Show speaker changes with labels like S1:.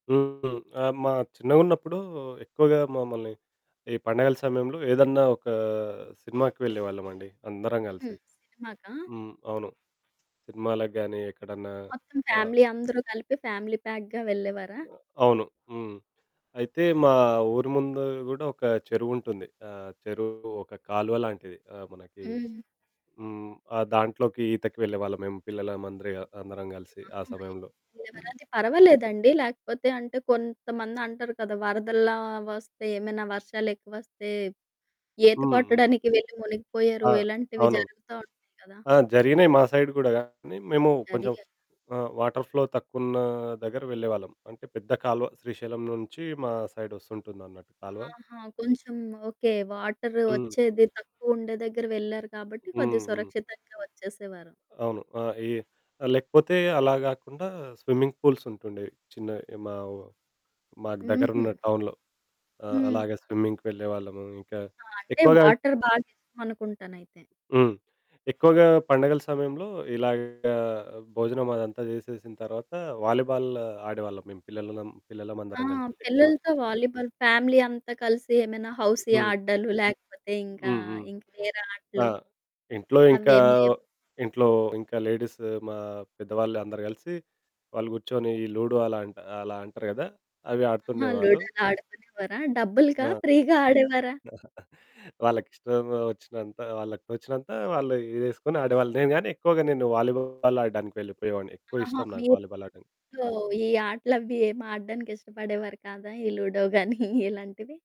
S1: హ్మ్. ఆ! మా చిన్నగున్నప్పుడు ఎక్కువగా మమ్మల్ని ఈ పండగల సమయంలో ఏదన్నా ఒక సినిమాకి వెళ్ళే వాళ్ళమండి. అందరం కలిసి.
S2: హ్మ్. సినిమాకా?
S1: హ్మ్. అవును. సినిమాలకి గాని ఎక్కడన్నా
S2: మొత్తం
S1: ఆహ్
S2: ఫ్యామిలీ అందరూ కలిపి ఫ్యామిలీ ప్యాక్‌గా వెళ్ళేవారా?
S1: అ అవును. హ్మ్. అయితే మా ఊరు ముందు గూడా ఒక చెరువుంటుంది. ఆ చెరువు ఒక కాలువ లాంటిది. ఆ మనకి
S2: హ్మ్.
S1: హ్మ్. ఆ దాంట్లోకి ఈతకి వెళ్ళే వాళ్ళం మేము పిల్లల మంద్రి అందరం కలిసి ఆ
S2: ఆహా!
S1: సమయంలో.
S2: ఇ ఏమైనయితే పర్వాలేదండి. లేకపోతే అంటే కొంతమంది అంటారు కదా వరదల్లా ఒస్తే ఏమైనా వర్షాలెక్కువొస్తే ఈత
S1: హ్మ్. హ్మ్.
S2: కొట్టడానికి వెళ్ళి మునిగిపోయారు
S1: ఆ!
S2: ఇలాంటివి
S1: అవును.
S2: జరుగుతా ఉంటాయి కదా!
S1: ఆ జరిగినాయి మా సైడు గూడా గానీ మేము కొంచెం
S2: జరిగాయి?
S1: ఆ వాటర్ ఫ్లో తక్కువున్న దగ్గర వెళ్ళేవాళ్ళం. అంటే పెద్ద కాలువ శ్రీశైలం నుంచి మా సైడ్ ఒస్తుంటుందన్నట్టు కాలవ.
S2: ఆహా! కొంచెం ఓకే. వాటరు
S1: హ్మ్.
S2: ఒచ్చేది తక్కువుండే దెగ్గర వెళ్లారు కాబట్టి
S1: హ్మ్.
S2: కొద్దిగా
S1: హ్మ్.
S2: సురక్షితంగా వచ్చేసేవారు.
S1: అవును. ఆ ఈ లేకపోతే అలా గాకుండా స్విమ్మింగ్ పూల్స్ ఉంటుండేవి చిన్నయి. మా వు మాకు దగ్గర
S2: హుహు.
S1: ఉన్న టౌన్‌లో. ఆహ్,
S2: హ్మ్.
S1: అలాగ స్విమ్మింగ్‌కి వెళ్ళేవాళ్ళము. ఇంకా
S2: ఆ! అంటే
S1: ఎక్కువగా అం
S2: వాటర్ బాగిష్టమనుకుంటానయితే.
S1: హ్మ్. ఎక్కువగా పండగల సమయంలో ఇలాగ భోజనం అదంతా చేసేసిన తరువాత వాలీబాల్ ఆడేవాళ్ళం మేము పిల్లలమం
S2: ఆ!
S1: పిల్లలమందరం కలిసి ఎక్కువ.
S2: పిల్లలతో వాలీబాల్ ఫ్యామిలీ అంతా కలిసి ఏమైనా హౌసీ
S1: హ్మ్.
S2: ఆడ్డాలు లేకపోతే ఇంకా,
S1: హ్మ్. హ్మ్.
S2: ఇంకా వేరే
S1: ఆ!
S2: ఆటలు,
S1: ఇంట్లో ఇంకా
S2: అవేమి లేవు.
S1: ఇంట్లో ఇంకా లేడీసు మా పెద్దవాళ్ళందరూ కలిసి వాళ్ళు కూర్చొని ఈ లూడో అలాంట అలా అంటారు గదా! అవి
S2: ఆహా!
S1: ఆడుతుండేవాళ్ళు.
S2: లూడో ఆడుకునేవారా? డబ్బులకా
S1: ఆ!
S2: ఫ్రీ‌గా ఆడేవారా?
S1: వాళ్ళకిష్టం ఒచ్చినంత వాళ్ళకొచ్చినంత వాళ్ళు ఇదేసుకొని ఆడేవాళ్ళు, నేగాని ఎక్కువగా నేను వాలీబాల్ ఆడ్డానికి వెళ్ళిపోయేవాడిని. ఎక్కువ
S2: ఆహా!
S1: ఇష్టం
S2: మీ
S1: నాకు వాలీబాల్ ఆడ్డం.
S2: ఇంట్లో ఈ ఆటలవి ఏమి ఆడ్డానికి ఇష్టపడేవారు కాదా? ఈ లూడో గానీ ఇలాంటివి?